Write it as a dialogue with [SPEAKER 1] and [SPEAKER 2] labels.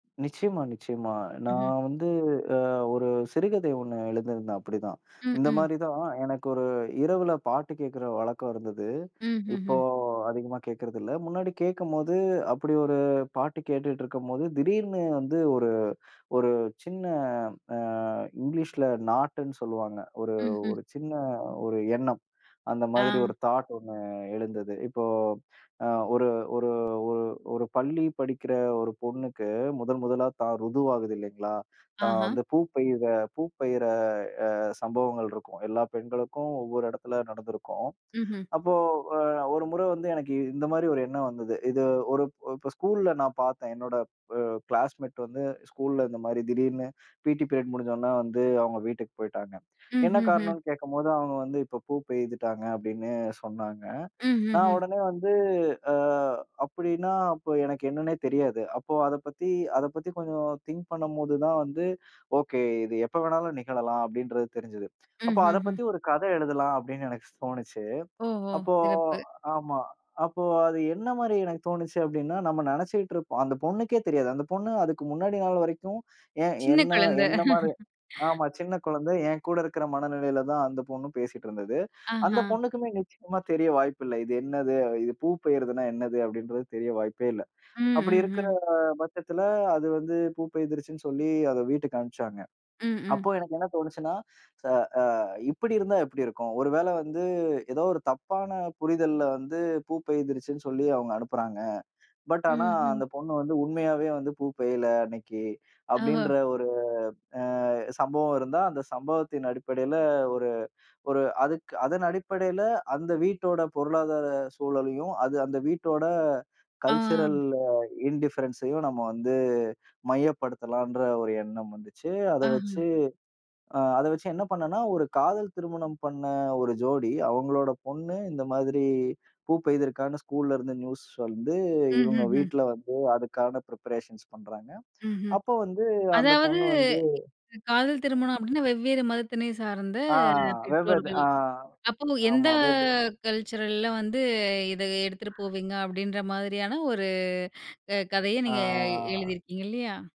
[SPEAKER 1] நிச்சயமா, நிச்சயமா.
[SPEAKER 2] ம்ஹ்ம்.
[SPEAKER 1] நான் வந்து அ ஒரு சிறுகதை ஒண்ணு எழுதிருந்தேன் அப்டித்தான்.
[SPEAKER 2] ம்.
[SPEAKER 1] இந்த
[SPEAKER 2] ம்.
[SPEAKER 1] மாரிதான் எனக்கு ஒரு இரவுல பாட்டு கேக்குற வழக்கம் இருந்தது.
[SPEAKER 2] ம், ஹ்ம்,
[SPEAKER 1] இப்போ
[SPEAKER 2] ஹ்ம்.
[SPEAKER 1] அதிகமா கேக்குறது இல்ல. முன்னாடி கேக்கும்போது அப்டியொரு பாட்டு கேட்டுட்டு இருக்கும்போது திடீர்னு வந்து ஒரு ஒரு சின்ன அ, இங்கிலிஸுல நாட்ன்னு சொல்லுவாங்க. ஒரு
[SPEAKER 2] ம், ஹ்ம்.
[SPEAKER 1] ஒரு சின்ன ஒரு எண்ணம். அந்த மாதிரி
[SPEAKER 2] அ.
[SPEAKER 1] ஒரு தாட் ஒண்ணூ அ எழுந்தது. இப்போ அ ஒரு ஒரு ஒரு ஒரு பள்ளி படிக்கிற ஒரு பொண்ணுக்கு முதல் முதலா தான் ருது ஆகுது இல்லீங்களா? தான்
[SPEAKER 2] ஆஹா.
[SPEAKER 1] வந்து பூப்பெய்யிர பூப்பெய்யிர அ சம்பவங்கள் இருக்கும். எல்லா பெண்களுக்கும் ஒவ்வொரு இடத்துல நடந்துருக்கும்.
[SPEAKER 2] ம்ஹ்ம்.
[SPEAKER 1] அப்போ அ 1 முறை வந்து எனக்கு இந்த மாரி ஒரு எண்ணம் வந்தது. இது ஒருப் இப்ப ஸ்கூல்ல நான் பார்த்தேன். என்னோட அ க்ளாஸ்மேட் வந்து ஸ்கூல்ல இந்த மாதிரி திடீர்னு பீ.டி பீரியட் முடிஞ்சோன வந்து அவங்க வீட்டுக்குப் போயிட்டாங்க.
[SPEAKER 2] ம்,
[SPEAKER 1] என்ன
[SPEAKER 2] ஹ்ம், ஹ்ம்.
[SPEAKER 1] காரணம்னு கேக்கும்போது, அவங்க வந்து இப்ப பூப்பெயிதிட்டாங்க அப்டின்னு சொன்னாங்க.
[SPEAKER 2] ம். ஹ்ம்.
[SPEAKER 1] நான்
[SPEAKER 2] ஹ்ம்.
[SPEAKER 1] உடனே வந்து அ, அப்டின்னா அப்போ எனக்கு என்னன்னே தெரியாது. அப்போ அதப் பத்தி அதைப் பத்தி கொஞ்சம் திங்க் பண்ணும்போது தான் வந்து, ஓகே இது எப்ப வேணாலும் நிகழலாம் அப்டின்றது தெரிஞ்சது.
[SPEAKER 2] ம்,
[SPEAKER 1] அப்போ
[SPEAKER 2] ஹ்ம்.
[SPEAKER 1] அதப்
[SPEAKER 2] ஹ்ம்.
[SPEAKER 1] பத்தி ஒரு கதை எழுதலாம் அப்டின்னு எனக்குத் தோணுச்சு.
[SPEAKER 2] ஓ, ஓ.
[SPEAKER 1] அப்போ
[SPEAKER 2] சிறப்பு.
[SPEAKER 1] ஆமா. அப்போ அது என்ன மாரி எனக்குத் தோணுச்சு அப்டின்னா, நம்ம நெனைச்சுக்கிட்டு இருப்போம் அந்தப் பொண்ணுக்கே தெரியாது. அந்தப் பொண்ணு அதுக்கு முன்னாடி நாள் வரைக்கும் ஏன்
[SPEAKER 2] சின்னக்
[SPEAKER 1] என்ன
[SPEAKER 2] கொழந்த.
[SPEAKER 1] என்ன மாரி ஆமா சின்னக் குழந்தை ஏன் கூட இருக்கிற மனநிலையில தான் அந்தப் பொண்ணும் பேசிட்டு இருந்தது. அந்தப்
[SPEAKER 2] அஹ.
[SPEAKER 1] பொண்ணுக்குமே நிச்சியமா தெரிய வாய்ப்பு இல்ல. இது என்னது? இது பூப்பெய்யிர்துன்னா என்னது? அப்டின்றது தெரிய வாய்ப்பே இல்ல.
[SPEAKER 2] ம்,
[SPEAKER 1] அப்டி
[SPEAKER 2] ம்,
[SPEAKER 1] இருக்குற
[SPEAKER 2] ஹ்ம்.
[SPEAKER 1] பட்சத்துல அது வந்து பூப்பெயிய்துர்ச்சுன்னு சொல்லி அத வீட்டுக்கு அனுப்புச்சாங்க.
[SPEAKER 2] ம், ம்.
[SPEAKER 1] அப்ப எனக்கு என்ன தோணுச்சுன்னா ச அ, இப்டி இருந்தா எப்டி இருக்கும்? ஒருவேள வந்து ஏதோ ஒரு தப்பான புரிதல்ல வந்து பூப்பயிர்த்துச்சுன்னு சொல்லி அவங்க அனுப்புறாங்க. பட் ஆனா
[SPEAKER 2] ம், ஹ்ம்.
[SPEAKER 1] அந்தப் பொண்ணு வந்து உண்மையாவே வந்து பூப்பெயிய்யல அன்னைக்கு,
[SPEAKER 2] ஓஹோ.
[SPEAKER 1] அப்டின்ற ஒரு அ சம்பவம் இருந்தா, அந்தச் சம்பவத்தின் அடிப்படையில ஒரு ஒரு அதுக் அதன் அடிப்படையில அந்த வீட்டோட பொருளாதார சூழலையும், அது அந்த வீட்டோட கல்சுரல்
[SPEAKER 2] ஆ.
[SPEAKER 1] இண்டிஃபரன்ஸ்ஸயும் நம்ம வந்து மையப்படுத்தலாம்ன்ற ஒரு எண்ணம் வந்துச்சு. அத
[SPEAKER 2] அஹ.
[SPEAKER 1] வெச்சு அ அத வச்சு என்ன பண்ணேன்னா, ஒரு காதல் திருமணம் பண்ண 1 ஜோடி அவங்களோட பொண்ணு இந்த மாதிரி பூப்பெபய்துர்க்கான்னு ஸ்கூல்ல இருந்து நியூஸ் வந்து
[SPEAKER 2] ம்,
[SPEAKER 1] இவங்க
[SPEAKER 2] ஹ்ம், ஹ்ம்.
[SPEAKER 1] வீட்ல வந்து அதுக்கான ப்ரிபரேஷன்ஸ் பண்றாங்க.
[SPEAKER 2] ம், ஹ்ம்.
[SPEAKER 1] அப்போ வந்து அந்தப்
[SPEAKER 2] அதாவது
[SPEAKER 1] பொண்ணு வந்து
[SPEAKER 2] [unintelligible] காதல் திருமணம் அபிடின்னா. வெவ்வேறு மதத்தினை சார்ந்த
[SPEAKER 1] அ, வெவ்து
[SPEAKER 2] பெற்றோர்கள்.
[SPEAKER 1] அ,
[SPEAKER 2] அப்போ எந்த
[SPEAKER 1] ஆமா வெவ்வே
[SPEAKER 2] கல்சுரல்ல வந்து இத எடுத்துட்டு போவீங்க அப்டின்ற மாதிரியான ஒரு அ கதைய நீங்க
[SPEAKER 1] ஆ.
[SPEAKER 2] எழுதிருக்கீங்க இல்லையா?